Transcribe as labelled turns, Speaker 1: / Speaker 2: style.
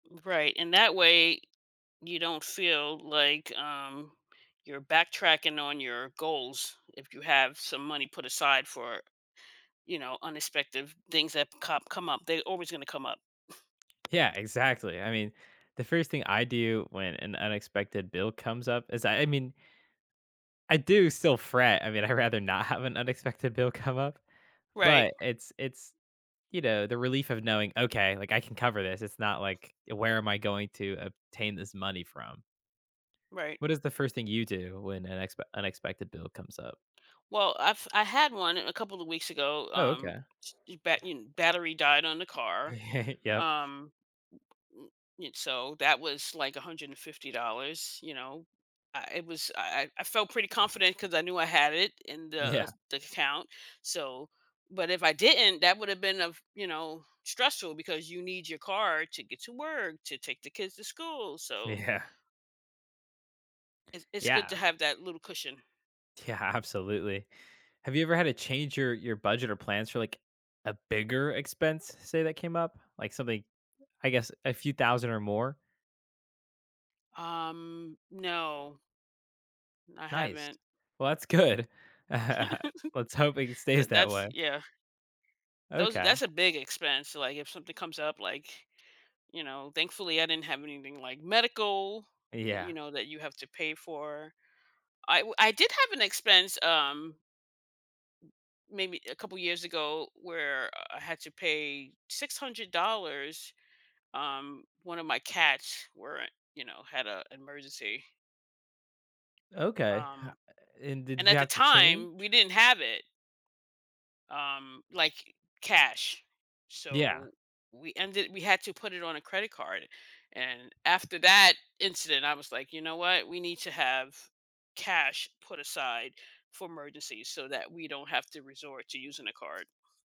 Speaker 1: Right, and that way, you don't feel, like, um, you're backtracking on your goals if you have some money put aside for, you know, unexpected things that com come up, they're always gonna come up.
Speaker 2: Yeah, exactly, I mean, the first thing I do when an unexpected bill comes up is that, I mean I do still fret, I mean, I'd rather not have an unexpected bill come up,
Speaker 1: Right.
Speaker 2: but it's it's, you know, the relief of knowing, "Okay, like I can cover this," it's not like, "Where am I going to obtain this money from?"
Speaker 1: Right.
Speaker 2: What is the first thing you do when an expe unexpected bill comes up?
Speaker 1: Well, I've I had one a couple of weeks ago,
Speaker 2: Oh,
Speaker 1: um,
Speaker 2: okay.
Speaker 1: ch um, bat battery died on the car,
Speaker 2: Yup.
Speaker 1: um m m m So, that was like $150, you know, uh, it was, I I I felt pretty confident ‘cause I knew I had it in the, uh,
Speaker 2: Yeah.
Speaker 1: the account, so but if I didn't, that would’ve been, uh f you know, stressful because you need your car to get to work, to take the kids to school, so
Speaker 2: Yeah.
Speaker 1: It's it's good to
Speaker 2: Yeah.
Speaker 1: have that little cushion.
Speaker 2: Yeah, absolutely. Have you ever had to change your your budget or plans for, like, a bigger expense, say, that came up, like something, I guess, a few thousand or more?
Speaker 1: Um, no. I
Speaker 2: Nice,
Speaker 1: haven't.
Speaker 2: well, that's good. Let's hope it stays
Speaker 1: That
Speaker 2: that
Speaker 1: that's,
Speaker 2: way.
Speaker 1: yeah. Those ar
Speaker 2: Okay.
Speaker 1: that's a big expense, like, if something comes up, like, you know, thankfully I didn't have anything like medical that,
Speaker 2: Yeah.
Speaker 1: you know that you have to pay for. I, wi I did have an expense, um maybe a couple of years ago where, uh, I had to pay $600, um, one of my cats were you know, had an emergency.
Speaker 2: Okay, ho
Speaker 1: Um,
Speaker 2: and
Speaker 1: and
Speaker 2: did you
Speaker 1: at the
Speaker 2: have to change?
Speaker 1: time we didn't have it. Um, like, cash,
Speaker 2: Yeah.
Speaker 1: so, we ended we had to put it on a credit card, and after that incident I was like, "You know what, we need to have cash put aside for emergencies, so, that we don't have to resort to using a card."